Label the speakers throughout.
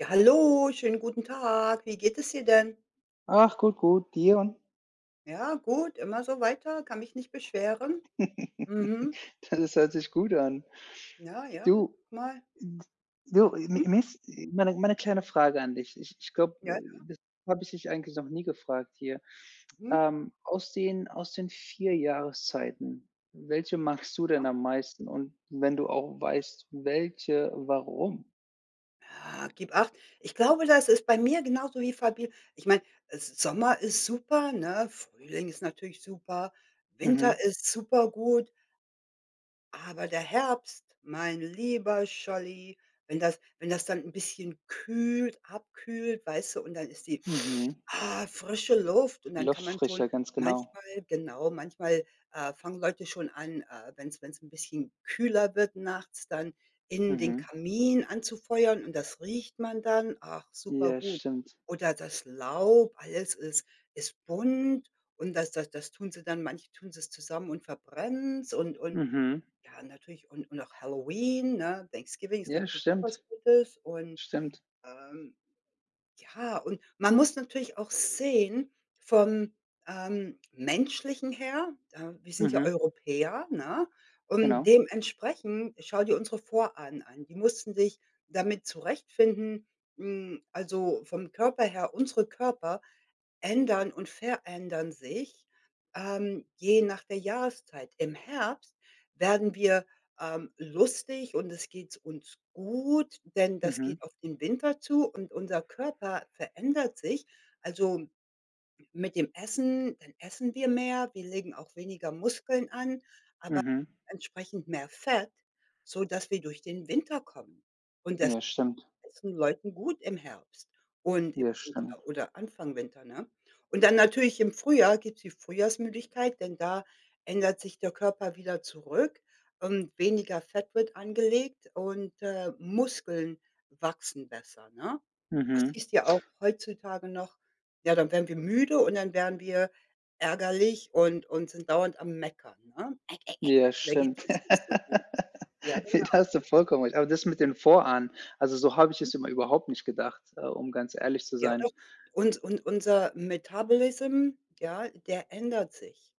Speaker 1: Ja, hallo, schönen guten Tag. Wie geht es dir denn?
Speaker 2: Ach, gut, gut, dir?
Speaker 1: Ja, gut, immer so weiter, kann mich nicht beschweren. Mhm.
Speaker 2: Da das hört sich gut an.
Speaker 1: Ja, ja,
Speaker 2: Du
Speaker 1: mal
Speaker 2: d du, äh, mi
Speaker 1: Mhm.
Speaker 2: mich, äh, mal 'ne mal 'ne kleine Frage an dich. Ich ich glaube,
Speaker 1: Ja, ja.
Speaker 2: äh, das habe ich dich eigentlich noch nie gefragt hier.
Speaker 1: Mhm.
Speaker 2: Ähm, aus den aus den 4 Jahreszeiten, welche magst du denn
Speaker 1: Ja.
Speaker 2: am meisten? Und wenn du auch weißt, welche, warum?
Speaker 1: Ah, gib acht. Ich glaube, das ist bei mir genauso wie Fabi ich meine, S Sommer ist super, ne? Frühling ist natürlich super,
Speaker 2: Mhm.
Speaker 1: Winter ist super gut. Aber der Herbst, mein lieber Scholli, wenn das wenn das dann 'n bisschen kühlt abkühlt, weißt du und dann ist die
Speaker 2: Mhm.
Speaker 1: ah, frische Luft und
Speaker 2: Die
Speaker 1: dann kann
Speaker 2: Luft
Speaker 1: man schon
Speaker 2: frischer, ganz genau.
Speaker 1: manchmal genau, manchmal, äh, fangen Leute schon an, äh, wenn's wenn's 'n bisschen kühler wird nachts dann innen den
Speaker 2: Mhm.
Speaker 1: Kamin anzufeuern und das riecht man dann. Ach, super
Speaker 2: Ja,
Speaker 1: gut.
Speaker 2: stimmt.
Speaker 1: Oder das Laub, alles ist ist bunt und das das das tun sie dann manche tun sie's zusammen und verbrennen's und und
Speaker 2: Mhm.
Speaker 1: ja, natürlich, und und auch Halloween, ne, Thanksgiving ist
Speaker 2: Ja,
Speaker 1: natürlich auch was
Speaker 2: stimmt.
Speaker 1: Gutes und,
Speaker 2: Stimmt.
Speaker 1: ähm ja, und man muss natürlich auch sehen, vom, ähm, Menschlichen her, äh wir sind ja
Speaker 2: Mhm.
Speaker 1: Europäer, ne, und
Speaker 2: Genau.
Speaker 1: dementsprechend, schau dir unsere Vorahnen an. Die mussten sich damit zurechtfinden hm, also, vom Körper her unsere Körper ändern und verändern sich, ähm, je nach der Jahreszeit. Im Herbst werden wir, ähm, lustig und es geht uns gut, denn das
Speaker 2: Mhm.
Speaker 1: geht auf den Winter zu und unser Körper verändert sich. Also, m mit dem Essen, dann essen wir mehr, wir legen auch weniger Muskeln an, aber
Speaker 2: Mhm.
Speaker 1: entsprechend mehr Fett, sodass wir durch den Winter kommen. Und das
Speaker 2: Ja, stimmt.
Speaker 1: essen Leuten gut im Herbst und im
Speaker 2: Ja,
Speaker 1: Winter
Speaker 2: stimmt.
Speaker 1: oder Anfang Winter, ne? Und dann natürlich im Frühjahr gibt's die Frühjahrsmüdigkeit, denn da ändert sich der Körper wieder zurück und weniger Fett wird angelegt und, äh, Muskeln wachsen besser, ne? Das
Speaker 2: Mhm.
Speaker 1: siehst du ja auch heutzutage noch ja, dann werden wir müde und dann werden wir ärgerlich und und sind dauernd am Meckern, ne?
Speaker 2: Ja,
Speaker 1: Da geht's
Speaker 2: stimmt.
Speaker 1: uns nicht so gut. Ja,
Speaker 2: Ja, da
Speaker 1: genau,
Speaker 2: hast du
Speaker 1: ne?
Speaker 2: vollkommen recht. Aber das mit den Vorahnen, also, so habe ich
Speaker 1: Hm.
Speaker 2: es immer überhaupt nicht gedacht, äh, um ganz ehrlich zu
Speaker 1: Ja,
Speaker 2: sein.
Speaker 1: doch, und und unser Metabolism, ja, der ändert sich.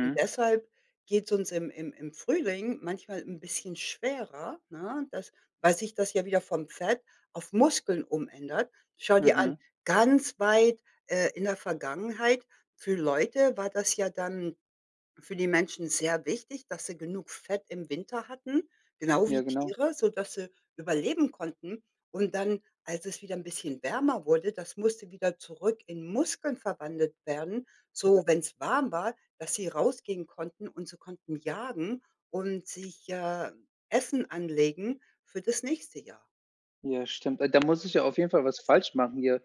Speaker 1: Und deshalb geht's uns im im im Frühling manchmal 'n bisschen schwerer, ne, das weil sich das ja wieder vom Fett auf Muskeln umändert. Schau dir an,
Speaker 2: Mhm.
Speaker 1: ganz weit, äh, in der Vergangenheit für Leute war das ja dann für die Menschen sehr wichtig, dass sie genug Fett im Winter hatten, genau
Speaker 2: Ja,
Speaker 1: wie
Speaker 2: genau.
Speaker 1: Tiere, sodass sie überleben konnten. Und dann, als es wieder 'n bisschen wärmer wurde, das musste wieder zurück in Muskeln verwandelt werden,
Speaker 2: Ja.
Speaker 1: so wenn's warm war, dass sie rausgehen konnten und sie konnten jagen und sich, äh, Essen anlegen für das nächste Jahr.
Speaker 2: Ja, stimmt. Äh, da muss ich ja auf jeden Fall
Speaker 1: Und
Speaker 2: was
Speaker 1: was wäre
Speaker 2: falsch machen hier,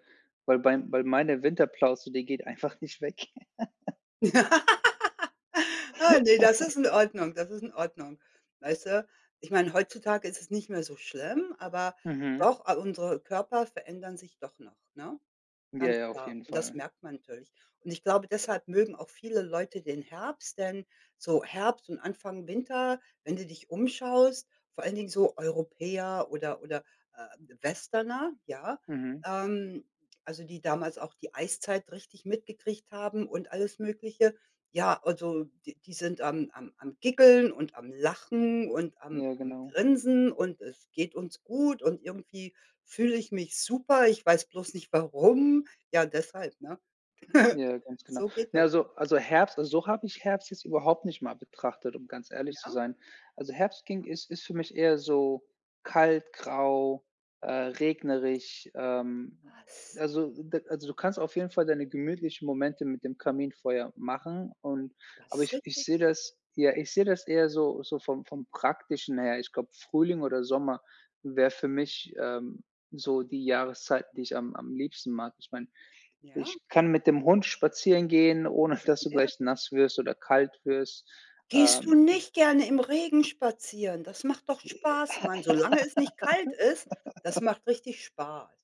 Speaker 2: weil bei weil meine Winterplauze, die geht einfach nicht weg.
Speaker 1: Ah ne, das ist in Ordnung, das ist in Ordnung, weißt du? Ich meine, heutzutage ist es nicht mehr so schlimm, aber
Speaker 2: Mhm.
Speaker 1: doch a unsere Körper verändern sich doch noch, ne?
Speaker 2: Ja,
Speaker 1: Ganz
Speaker 2: ja, auf
Speaker 1: klar.
Speaker 2: jeden
Speaker 1: Und das
Speaker 2: Fall.
Speaker 1: merkt man natürlich. Und ich glaube, deshalb mögen auch viele Leute den Herbst, denn so Herbst und Anfang Winter, wenn du dich umschaust, vor allen Dingen so Europäer oder oder, äh, Westerner, ja,
Speaker 2: Mhm.
Speaker 1: ähm, also, die damals auch die Eiszeit richtig mitgekriegt haben und alles Mögliche, ja, also, die die sind am am am Giggeln und am Lachen und am
Speaker 2: Ja,
Speaker 1: am
Speaker 2: genau.
Speaker 1: Grinsen und: „Es geht uns gut und irgendwie fühle ich mich super, ich weiß bloß nicht, warum.“ Ja, deshalb, ne,
Speaker 2: Ja, ganz genau.
Speaker 1: so geht
Speaker 2: Ne,
Speaker 1: das.
Speaker 2: also also, Herbst also, so habe ich Herbst jetzt überhaupt nicht mal betrachtet, um ganz ehrlich zu
Speaker 1: Ja?
Speaker 2: sein. Also, Herbst ging
Speaker 1: [unintelligible]
Speaker 2: ist ist für mich eher so kalt, grau, äh, regnerisch, ähm,
Speaker 1: Was?
Speaker 2: also, da also, du kannst auf jeden Fall deine gemütlichen Momente mit dem Kaminfeuer machen und
Speaker 1: Das
Speaker 2: aber
Speaker 1: ist
Speaker 2: ich ich
Speaker 1: richtig,
Speaker 2: sehe
Speaker 1: ja.
Speaker 2: das ja, ich sehe das eher so so vom vom Praktischen her. Ich glaube, Frühling oder Sommer wäre für mich, ähm, so die Jahreszeit, die ich am am liebsten mag. Ich meine,
Speaker 1: Ja?
Speaker 2: ich kann mit dem Hund spazieren gehen, ohne dass
Speaker 1: Hm,
Speaker 2: du
Speaker 1: ja,
Speaker 2: gleich
Speaker 1: sicher.
Speaker 2: nass wirst oder kalt wirst.
Speaker 1: Gehst du
Speaker 2: Ähm.
Speaker 1: nicht gerne im Regen spazieren? Das macht doch Spaß, Mann. Solange es nicht kalt ist, das macht richtig Spaß.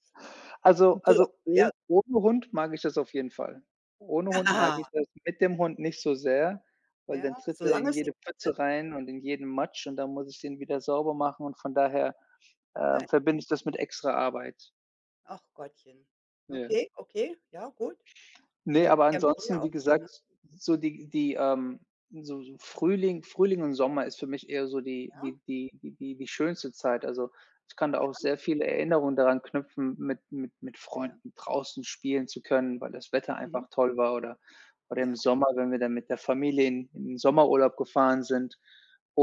Speaker 2: Also
Speaker 1: Du
Speaker 2: also,
Speaker 1: ja.
Speaker 2: oh ohne Hund mag ich das auf jeden Fall. Ohne Hund mag ich das, mit dem Hund nicht so sehr, weil
Speaker 1: Ja,
Speaker 2: dann tritt er in
Speaker 1: solange es
Speaker 2: jede
Speaker 1: nicht [unintelligible]
Speaker 2: Pfütze rein und in jeden Matsch und dann muss ich den wieder sauber machen und von daher, äh,
Speaker 1: Nein.
Speaker 2: verbinde ich das mit extra Arbeit.
Speaker 1: Ach Gottchen.
Speaker 2: Ja.
Speaker 1: Okay, okay, ja, gut.
Speaker 2: Ne,
Speaker 1: Aber die
Speaker 2: aber
Speaker 1: haben früher
Speaker 2: ansonsten, wie
Speaker 1: auch so, ne?
Speaker 2: gesagt, so die die ähm, so so Frühling Frühling und Sommer ist für mich eher so die
Speaker 1: Ja.
Speaker 2: die die die die die schönste Zeit, also, ich kann da
Speaker 1: Ja.
Speaker 2: auch sehr viele Erinnerungen daran knüpfen, mit mit mit
Speaker 1: Ja, ja.
Speaker 2: Freunden draußen spielen zu können, weil das Wetter
Speaker 1: Mhm.
Speaker 2: einfach toll war oder oder im
Speaker 1: Ja.
Speaker 2: Sommer, wenn wir dann mit der Familie in in den Sommerurlaub gefahren sind.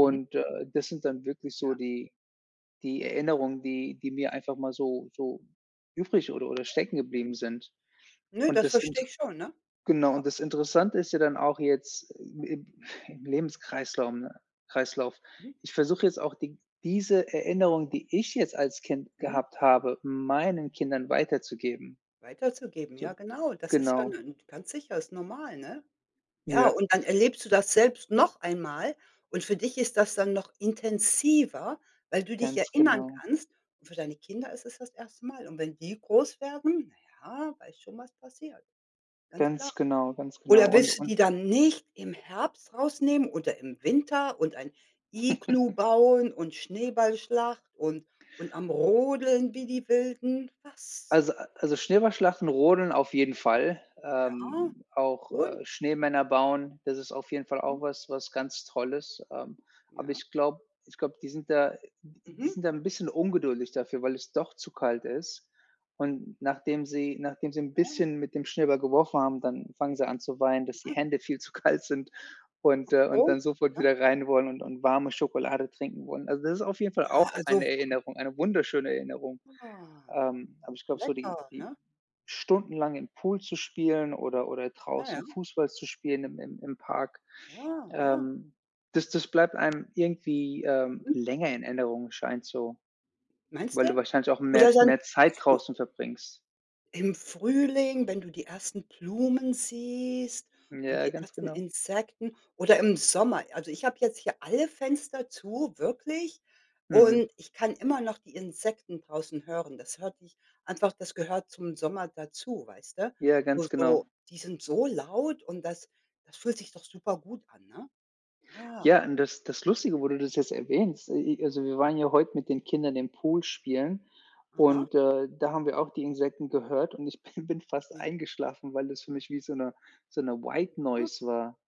Speaker 1: Mhm.
Speaker 2: äh, das sind dann wirklich so
Speaker 1: Ja.
Speaker 2: die die Erinnerungen, die die mir einfach mal so so übrig oder oder
Speaker 1: Ja, ja.
Speaker 2: stecken geblieben sind.
Speaker 1: Ne,
Speaker 2: Und
Speaker 1: das
Speaker 2: das inter
Speaker 1: verstehe ich schon, ne?
Speaker 2: genau
Speaker 1: Ja.
Speaker 2: und das Interessante ist ja dann auch jetzt im im im Lebenskreislaum ne Kreislauf,
Speaker 1: Mhm.
Speaker 2: ich versuche jetzt auch d diese Erinnerung, die ich jetzt als Kind
Speaker 1: Mhm.
Speaker 2: gehabt habe, meinen Kindern weiterzugeben.
Speaker 1: Weiterzugeben,
Speaker 2: So,
Speaker 1: ja, genau, das ist ja
Speaker 2: genau.
Speaker 1: nen ganz sicher, ist normal, ne? Ja,
Speaker 2: Ja.
Speaker 1: und dann erlebst du das selbst noch einmal und für dich ist das dann noch intensiver, weil du dich
Speaker 2: Ganz
Speaker 1: erinnern
Speaker 2: genau.
Speaker 1: kannst, und für deine Kinder ist es das 1. Mal. Und wenn die groß werden, na ja, weißt schon, was passiert. Ganz klar.
Speaker 2: Ganz genau, ganz genau.
Speaker 1: Oder
Speaker 2: Und
Speaker 1: willst du
Speaker 2: und
Speaker 1: die dann nicht im Herbst rausnehmen oder im Winter und ein Iglu bauen und Schneeballschlacht und und am Rodeln wie die Wilden, was
Speaker 2: Also a also, Schneeballschlachten, Rodeln auf jeden Fall,
Speaker 1: Ja,
Speaker 2: ähm, auch,
Speaker 1: wohl.
Speaker 2: äh, Schneemänner bauen, das ist auf jeden Fall auch
Speaker 1: Mhm.
Speaker 2: was was ganz Tolles, ähm, aber
Speaker 1: Ja.
Speaker 2: ich glaube ich glaube, die sind da n n die
Speaker 1: Mhm.
Speaker 2: sind da 'n bisschen ungeduldig dafür, weil es doch zu kalt ist. Und nachdem sie nachdem sie 'n
Speaker 1: Ja.
Speaker 2: bisschen mit dem Schneeball geworfen haben, dann fangen sie an zu weinen, dass die
Speaker 1: Mhm.
Speaker 2: Hände viel zu kalt sind
Speaker 1: Ach
Speaker 2: und äh, und
Speaker 1: so,
Speaker 2: dann sofort
Speaker 1: ja.
Speaker 2: wieder rein wollen und und warme Schokolade trinken wollen. Also, das ist auf jeden Fall
Speaker 1: Ja,
Speaker 2: auch eine
Speaker 1: also
Speaker 2: Erinnerung, eine wunderschöne Erinnerung,
Speaker 1: Ah,
Speaker 2: ähm, aber ich glaube, so die
Speaker 1: lecker,
Speaker 2: die
Speaker 1: ne?
Speaker 2: Stundenlang im Pool zu spielen oder oder
Speaker 1: Ja, ja.
Speaker 2: draußen Fußball zu spielen im im im Park,
Speaker 1: Ja, ja.
Speaker 2: ähm, das das bleibt einem irgendwie, ähm,
Speaker 1: Mhm.
Speaker 2: länger in Erinnerung, scheint so,
Speaker 1: Meinst
Speaker 2: weil du
Speaker 1: du?
Speaker 2: wahrscheinlich auch mehr
Speaker 1: Oder dann
Speaker 2: mehr
Speaker 1: ach
Speaker 2: Zeit
Speaker 1: so.
Speaker 2: draußen verbringst.
Speaker 1: Im Frühling, wenn du die ersten Blumen siehst und
Speaker 2: Ja,
Speaker 1: die
Speaker 2: ganz
Speaker 1: ersten
Speaker 2: genau.
Speaker 1: Insekten oder im Sommer, also, ich habe jetzt hier alle Fenster zu, wirklich,
Speaker 2: Mhm.
Speaker 1: und ich kann immer noch die Insekten draußen hören. Das hört sich einfach das gehört zum Sommer dazu, weißt du?
Speaker 2: Ja,
Speaker 1: Wo
Speaker 2: ganz genau.
Speaker 1: so die sind so laut und das das fühlt sich doch super gut an, ne? Ja.
Speaker 2: Ja, und das das Lustige, wo du das jetzt erwähnst, i i also, wir waren ja heute mit den Kindern im Pool spielen
Speaker 1: Aha.
Speaker 2: und, äh, da haben wir auch die Insekten gehört und ich bin bin fast
Speaker 1: Ne.
Speaker 2: eingeschlafen, weil das für mich wie so 'ne so 'ne White
Speaker 1: Ja.
Speaker 2: Noise war.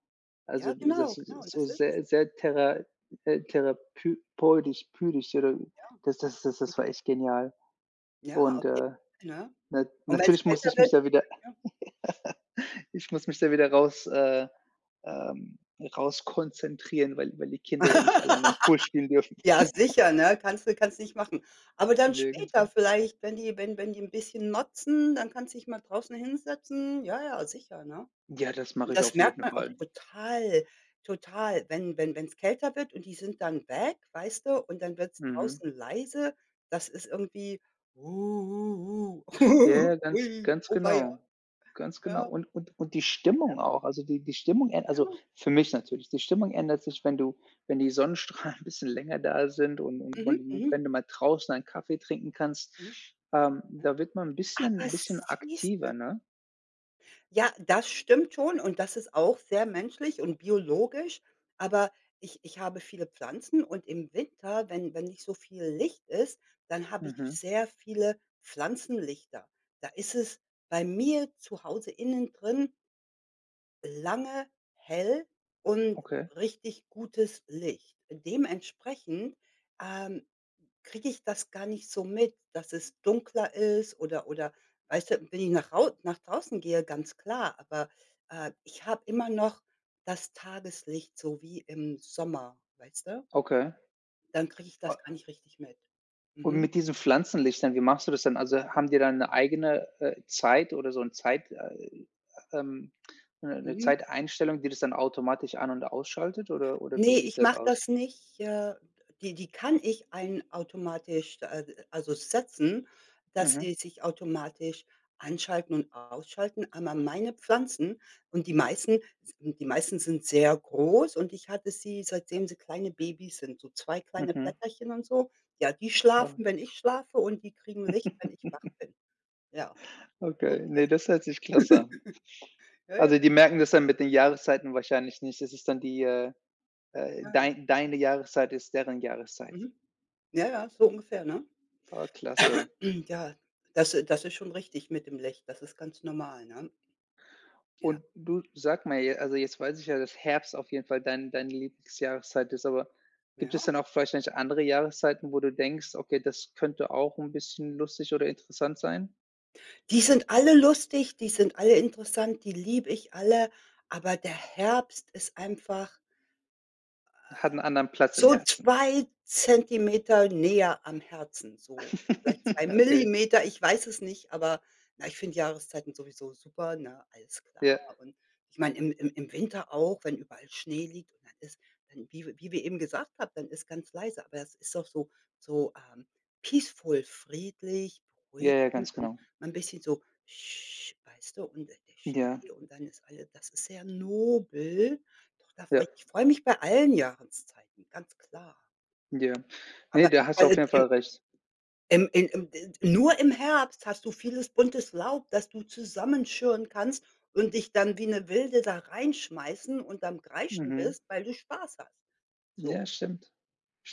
Speaker 2: Also,
Speaker 1: Ja,
Speaker 2: die
Speaker 1: genau,
Speaker 2: das
Speaker 1: genau,
Speaker 2: ist
Speaker 1: und
Speaker 2: so
Speaker 1: das ist es,
Speaker 2: sehr
Speaker 1: ne?
Speaker 2: sehr thera äh, therapü peutisch pütisch oder
Speaker 1: Ja.
Speaker 2: das das das das
Speaker 1: Mhm.
Speaker 2: war echt genial
Speaker 1: Ja, auf
Speaker 2: und, äh,
Speaker 1: jeden Fall, ne?
Speaker 2: na
Speaker 1: Und wenn es
Speaker 2: natürlich muss
Speaker 1: kälter
Speaker 2: ich mich
Speaker 1: wird
Speaker 2: da wieder
Speaker 1: ja.
Speaker 2: ich muss mich da wieder raus äh, ähm, rauskonzentrieren, weil weil die Kinder ja nicht alleine im Pool spielen dürfen.
Speaker 1: Ja, sicher, ne, kannst du kannst nicht machen, aber dann
Speaker 2: Ja, ganz
Speaker 1: später
Speaker 2: genau.
Speaker 1: vielleicht, wenn die wenn wenn die 'n bisschen motzen, dann kannst dich mal draußen hinsetzen. Ja, ja, sicher, ne?
Speaker 2: Ja, das mache
Speaker 1: Und
Speaker 2: ich
Speaker 1: das
Speaker 2: auf
Speaker 1: merkt
Speaker 2: jeden
Speaker 1: man auch
Speaker 2: Fall.
Speaker 1: total total, wenn wenn wenn's kälter wird, und die sind dann weg, weißt du, und dann wird's
Speaker 2: Mhm.
Speaker 1: draußen leise. Das ist irgendwie: „Uhuhu,
Speaker 2: Ja, ja, ganz
Speaker 1: ui“,
Speaker 2: ganz
Speaker 1: auweia.
Speaker 2: genau, ganz genau.
Speaker 1: Ja.
Speaker 2: Und und und die
Speaker 1: Ja,
Speaker 2: Stimmung
Speaker 1: gut.
Speaker 2: auch, also, die die Stimmung äh
Speaker 1: Ja,
Speaker 2: also,
Speaker 1: gut.
Speaker 2: für mich natürlich, die Stimmung ändert sich, wenn du wenn die Sonnenstrahlen 'n bisschen länger da sind und und wenn
Speaker 1: Mhm,
Speaker 2: du
Speaker 1: mhm.
Speaker 2: wenn du mal draußen einen Kaffee trinken kannst,
Speaker 1: Mhm.
Speaker 2: ähm,
Speaker 1: Ja,
Speaker 2: da wird man 'n
Speaker 1: aber
Speaker 2: bisschen bisschen
Speaker 1: siehst
Speaker 2: aktiver,
Speaker 1: du
Speaker 2: ne?
Speaker 1: Ja, das stimmt schon und das ist auch sehr menschlich und biologisch, aber ich ich habe viele Pflanzen und im Winter, wenn wenn nicht so viel Licht ist, dann habe ich
Speaker 2: Mhm.
Speaker 1: sehr viele Pflanzenlichter. Da ist es bei mir zu Hause innen drin lange hell und
Speaker 2: Okay.
Speaker 1: richtig gutes Licht. Dementsprechend, ähm, kriege ich das gar nicht so mit, dass es dunkler ist oder oder weißt du, wenn ich nach Hau nach draußen gehe, ganz klar, aber, äh, ich habe immer noch das Tageslicht so wie im Sommer, weißt du?
Speaker 2: Okay.
Speaker 1: Dann kriege ich
Speaker 2: A
Speaker 1: das gar nicht richtig mit.
Speaker 2: Und
Speaker 1: Mhm.
Speaker 2: mit diesen Pflanzenlichtern, wie machst du das denn? Also, haben die dann 'ne eigene, äh, Zeit oder so 'n Zeit äh, ähm, 'ne 'ne
Speaker 1: Mhm.
Speaker 2: Zeiteinstellung, die das dann automatisch an und ausschaltet oder oder wie
Speaker 1: Ne,
Speaker 2: sieht
Speaker 1: ich
Speaker 2: das
Speaker 1: mache
Speaker 2: aus?
Speaker 1: das nicht, äh d die die kann ich ein automatisch, äh, also, setzen, dass
Speaker 2: Mhm.
Speaker 1: sie sich automatisch anschalten und ausschalten, aber meine Pflanzen und die meisten s die meisten sind sehr groß und ich hatte sie, seitdem sie kleine Babys sind, so zwei kleine
Speaker 2: Mhm.
Speaker 1: Blätterchen und so. Ja, die
Speaker 2: Ah.
Speaker 1: schlafen, wenn ich schlafe und die kriegen Licht, wenn ich wach bin. Ja, so
Speaker 2: Okay,
Speaker 1: sieht das
Speaker 2: ne,
Speaker 1: aus.
Speaker 2: das hört sich klasse an.
Speaker 1: Ja, ja.
Speaker 2: Also, die merken das dann mit den Jahreszeiten wahrscheinlich nicht. Das ist dann die, äh, äh
Speaker 1: Ja.
Speaker 2: dein deine Jahreszeit ist deren Jahreszeit.
Speaker 1: Mhm. Ja, ja, so ungefähr, ne?
Speaker 2: Ah klasse.
Speaker 1: Ja, das, äh das ist schon richtig mit dem Licht. Das ist ganz normal, ne? Ja.
Speaker 2: Und du, sag mal, j also, jetzt weiß ich ja, dass Herbst auf jeden Fall dein deine Lieblingsjahreszeit ist, aber gibt
Speaker 1: Ja?
Speaker 2: es dann auch vielleicht nicht andere Jahreszeiten, wo du denkst: „Okay, das könnte auch 'n bisschen lustig oder interessant sein?“
Speaker 1: Die sind alle lustig, die sind alle interessant, die liebe ich alle. Aber der Herbst ist einfach
Speaker 2: Hat
Speaker 1: äh,
Speaker 2: 'n anderen Platz im
Speaker 1: so
Speaker 2: Herzen.
Speaker 1: 2 Zentimeter näher am Herzen, so vielleicht 2
Speaker 2: Okay.
Speaker 1: Millimeter, ich weiß es nicht, aber na ich finde Jahreszeiten sowieso super, ne? Alles klar.
Speaker 2: Ja.
Speaker 1: Und ich meine, im im im Winter auch, wenn überall Schnee liegt und dann ist, ähm, wie wie wir eben gesagt haben, dann ist ganz leise, aber es ist auch so so, ähm, peaceful, friedlich,
Speaker 2: Ja, ja,
Speaker 1: beruhigend
Speaker 2: ganz
Speaker 1: und
Speaker 2: genau.
Speaker 1: mal 'n bisschen so weißt du, und der
Speaker 2: Ja.
Speaker 1: Schnee und dann ist alles das ist sehr nobel, doch da freue
Speaker 2: Ja.
Speaker 1: ich mich ich freue mich bei allen Jahreszeiten, ganz klar.
Speaker 2: Ja. Ne,
Speaker 1: Aber,
Speaker 2: da hast du
Speaker 1: also
Speaker 2: auf jeden Fall
Speaker 1: die
Speaker 2: recht.
Speaker 1: ähm, äh, ähm de nur im Herbst hast du vieles buntes Laub, dass du zusammenschirren kannst und dich dann wie 'ne Wilde da reinschmeissen und am Kreischen
Speaker 2: Mhm.
Speaker 1: bist, weil du Spaß hast, so.
Speaker 2: Ja, stimmt.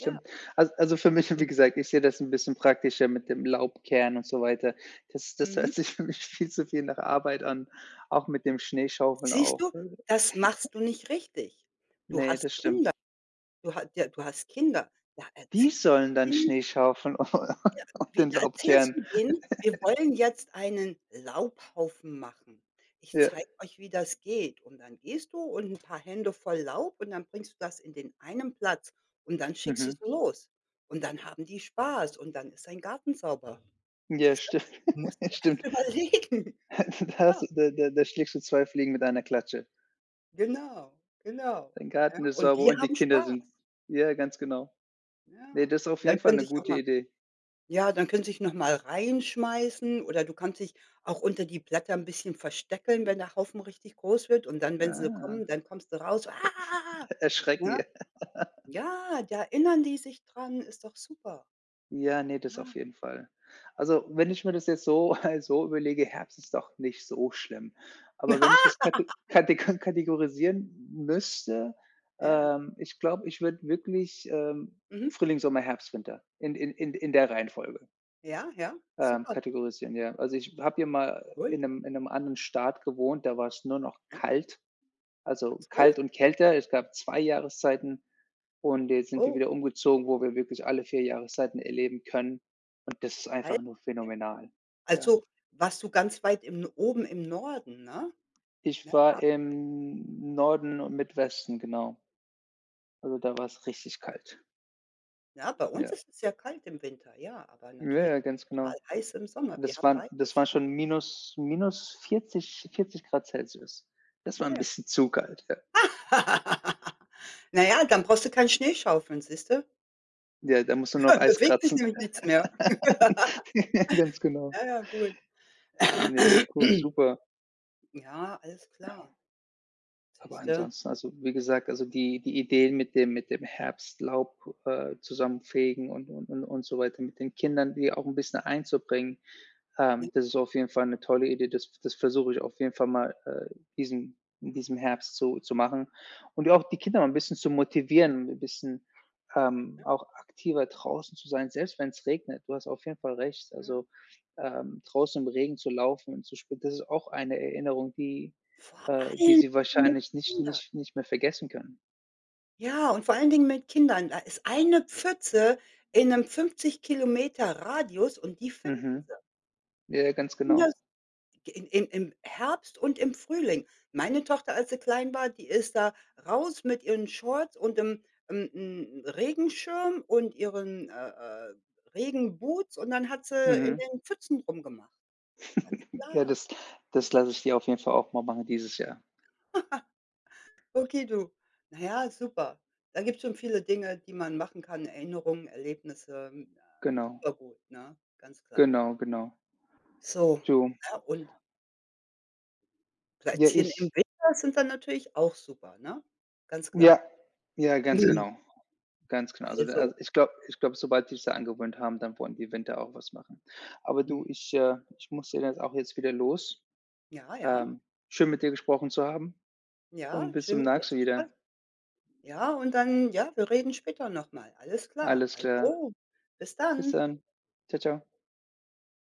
Speaker 1: Ja.
Speaker 2: Al also, für mich, wie
Speaker 1: [unintelligible]
Speaker 2: gesagt, ich sehe das 'n bisschen praktischer mit dem Laub kehren und so weiter. Das das hört
Speaker 1: Mhm.
Speaker 2: sich für mich viel zu viel nach Arbeit an, auch mit dem Schneeschaufeln
Speaker 1: Siehst du?
Speaker 2: auch, äh
Speaker 1: Das machst du nicht richtig. Du
Speaker 2: Ne,
Speaker 1: hast
Speaker 2: das stimmt.
Speaker 1: Kinder. Du ha ja, du hast Kinder. Ja,
Speaker 2: Die
Speaker 1: erz
Speaker 2: sollen dann
Speaker 1: [unintelligible]
Speaker 2: Schneeschaufeln
Speaker 1: Ja,
Speaker 2: und
Speaker 1: wie
Speaker 2: den
Speaker 1: da
Speaker 2: Laub
Speaker 1: erzählst
Speaker 2: kehren.
Speaker 1: du denen, wir wollen jetzt einen Laubhaufen machen. Ich
Speaker 2: Ja.
Speaker 1: zeige euch, wie das geht und dann gehst du und 'n paar Hände voll Laub und dann bringst du das in den einen Platz und dann schickst du
Speaker 2: Mhm.
Speaker 1: sie los. Und dann haben die Spaß und dann ist dein Garten sauber.
Speaker 2: Ja,
Speaker 1: Siehst du.
Speaker 2: stimmt.
Speaker 1: Musst du erst
Speaker 2: Stimmt.
Speaker 1: überlegen.
Speaker 2: Das
Speaker 1: Ja.
Speaker 2: da da da schlägst du zwei Fliegen mit einer Klatsche.
Speaker 1: Genau, genau.
Speaker 2: Dein
Speaker 1: Ja,
Speaker 2: Garten ist
Speaker 1: und
Speaker 2: sauber
Speaker 1: die
Speaker 2: und die
Speaker 1: haben
Speaker 2: Kinder
Speaker 1: Spaß.
Speaker 2: sind ja, ganz genau. Ne,
Speaker 1: Ja,
Speaker 2: das ist auf
Speaker 1: und dann
Speaker 2: jeden Fall
Speaker 1: könnte
Speaker 2: 'ne
Speaker 1: ich auch
Speaker 2: gute
Speaker 1: mal
Speaker 2: Idee.
Speaker 1: ja, dann können sich nochmal reinschmeißen oder du kannst dich auch unter die Blätter 'n bisschen verstecken, wenn der Haufen richtig groß wird, und dann, wenn sie
Speaker 2: Ah.
Speaker 1: kommen, dann kommst du raus: „Ah.”
Speaker 2: Ersch erschrecken.
Speaker 1: Ja.
Speaker 2: Ja.
Speaker 1: Ja, da erinnern die sich dran, ist doch super.
Speaker 2: Ja, ne, das auf
Speaker 1: Ja.
Speaker 2: jeden Fall. Also, wenn ich mir das jetzt so halt so überlege, Herbst ist doch nicht so schlimm,
Speaker 1: Ja.
Speaker 2: aber wenn ich das kate katego kategorisieren m müsste,
Speaker 1: Ja, ja.
Speaker 2: ähm, ich glaube, ich würde wirklich, ähm,
Speaker 1: Mhm.
Speaker 2: Frühling, Sommer, Herbst, Winter in in in in der Reihenfolge
Speaker 1: Ja, ja,
Speaker 2: ähm,
Speaker 1: super.
Speaker 2: kategorisieren. Ja. Also, ich habe hier mal
Speaker 1: Toll.
Speaker 2: in 'nem in 'nem anderen Staat gewohnt, da war's nur noch
Speaker 1: Ja.
Speaker 2: kalt,
Speaker 1: Ach
Speaker 2: also,
Speaker 1: so.
Speaker 2: kalt und kälter. Es gab 2 Jahreszeiten und jetzt sind wir
Speaker 1: Oh.
Speaker 2: wieder umgezogen, wo wir wirklich alle 4 Jahreszeiten erleben können, und das ist
Speaker 1: Kalte?
Speaker 2: einfach nur phänomenal. Ja.
Speaker 1: Also, warst du ganz weit im oben im Norden, ne?
Speaker 2: Ich
Speaker 1: Ja ja.
Speaker 2: war im Norden und Mid-Westen, genau. Also, da war's richtig
Speaker 1: [unintelligible]
Speaker 2: kalt.
Speaker 1: Ja, bei uns
Speaker 2: Ja.
Speaker 1: ist es sehr kalt im Winter, ja, aber
Speaker 2: Ja,
Speaker 1: natürlich
Speaker 2: ja, ganz
Speaker 1: total
Speaker 2: genau.
Speaker 1: heiß im
Speaker 2: Ah,
Speaker 1: Sommer. Wir
Speaker 2: das
Speaker 1: haben
Speaker 2: waren das
Speaker 1: beides,
Speaker 2: waren
Speaker 1: ne?
Speaker 2: schon minus -40- 40 C das war
Speaker 1: Na
Speaker 2: 'n
Speaker 1: ja.
Speaker 2: bisschen zu kalt, ja.
Speaker 1: Na ja, dann brauchst du keinen Schneeschaufeln, siehst du?
Speaker 2: Ja, da muss man auch Eis
Speaker 1: Bewegt sich
Speaker 2: kratzen.
Speaker 1: nämlich nichts mehr.
Speaker 2: Ja, ganz genau.
Speaker 1: Ja, ja, gut.
Speaker 2: Ne, cool, super.
Speaker 1: Ja, alles klar.
Speaker 2: Ja. Aber
Speaker 1: Siehste.
Speaker 2: ansonsten, also, wie gesagt, also, die die Ideen mit dem mit dem Herbstlaub, äh, zusammenfegen und und und und so weiter mit den Kindern, die auch 'n bisschen einzubringen,
Speaker 1: Na
Speaker 2: ähm, das ist
Speaker 1: ja.
Speaker 2: auf jeden Fall 'ne tolle Idee. Das das versuche ich auf jeden Fall mal, äh, diesem in diesem
Speaker 1: Ja.
Speaker 2: Herbst so zu machen und auch die Kinder mal 'n bisschen zu motivieren, 'n bisschen, ähm,
Speaker 1: Ja.
Speaker 2: auch aktiver draußen zu sein, selbst wenn's regnet. Du hast auf jeden Fall recht,
Speaker 1: Ja.
Speaker 2: also, ähm, draußen im Regen zu laufen und zu spielen, das ist auch eine Erinnerung, die
Speaker 1: Vor
Speaker 2: äh, die
Speaker 1: allem
Speaker 2: sie
Speaker 1: mit
Speaker 2: wahrscheinlich nicht
Speaker 1: Kindern.
Speaker 2: nicht nicht mehr vergessen können.
Speaker 1: Ja, und vor allen Dingen mit Kindern, da ist eine Pfütze in 'nem 50 km Radius und die finden sie.
Speaker 2: Mhm. Ja, ganz genau.
Speaker 1: [unintelligible] G im im Herbst und im Frühling. Meine Tochter, als sie klein war, die ist da raus mit ihren Shorts und 'n 'n 'n Regenschirm und ihren, äh, äh, Regenboots und dann hat sie in
Speaker 2: Mhm.
Speaker 1: den Pfützen rumgemacht. Ganz
Speaker 2: Ja,
Speaker 1: klar.
Speaker 2: das das lasse
Speaker 1: [unintelligible]
Speaker 2: ich sie auf jeden Fall auch mal machen dieses Jahr.
Speaker 1: Okay, du. Na ja, super. Da gibt's schon viele Dinge, die man machen kann, Erinnerungen, Erlebnisse, hm, äh,
Speaker 2: Genau.
Speaker 1: super gut, ne, ganz klar.
Speaker 2: Genau, genau.
Speaker 1: So,
Speaker 2: Du
Speaker 1: ne und
Speaker 2: Ja,
Speaker 1: Plätzchen im
Speaker 2: ich
Speaker 1: Winter sind dann natürlich auch super, ne? Ganz
Speaker 2: Ja.
Speaker 1: klar.
Speaker 2: Ja, ganz
Speaker 1: Nö.
Speaker 2: genau, ganz genau. Also, da
Speaker 1: Also.
Speaker 2: ich glaube ich glaube, sobald die sich's da angewöhnt haben, dann wollen die im Winter auch was machen. Aber du,
Speaker 1: Mhm.
Speaker 2: ich äh, ich muss da jetzt auch wieder los.
Speaker 1: Ja, ja.
Speaker 2: Ähm, schön, mit dir gesprochen zu haben und
Speaker 1: Ja,
Speaker 2: bis
Speaker 1: schön
Speaker 2: zum
Speaker 1: mit dir
Speaker 2: [unintelligible]
Speaker 1: zu sprechen.
Speaker 2: wieder.
Speaker 1: Ja, und dann ja, wir reden später nochmal. Alles klar.
Speaker 2: Alles klar.
Speaker 1: Also, bis
Speaker 2: Bis
Speaker 1: dann.
Speaker 2: dann. Tschau, tschau.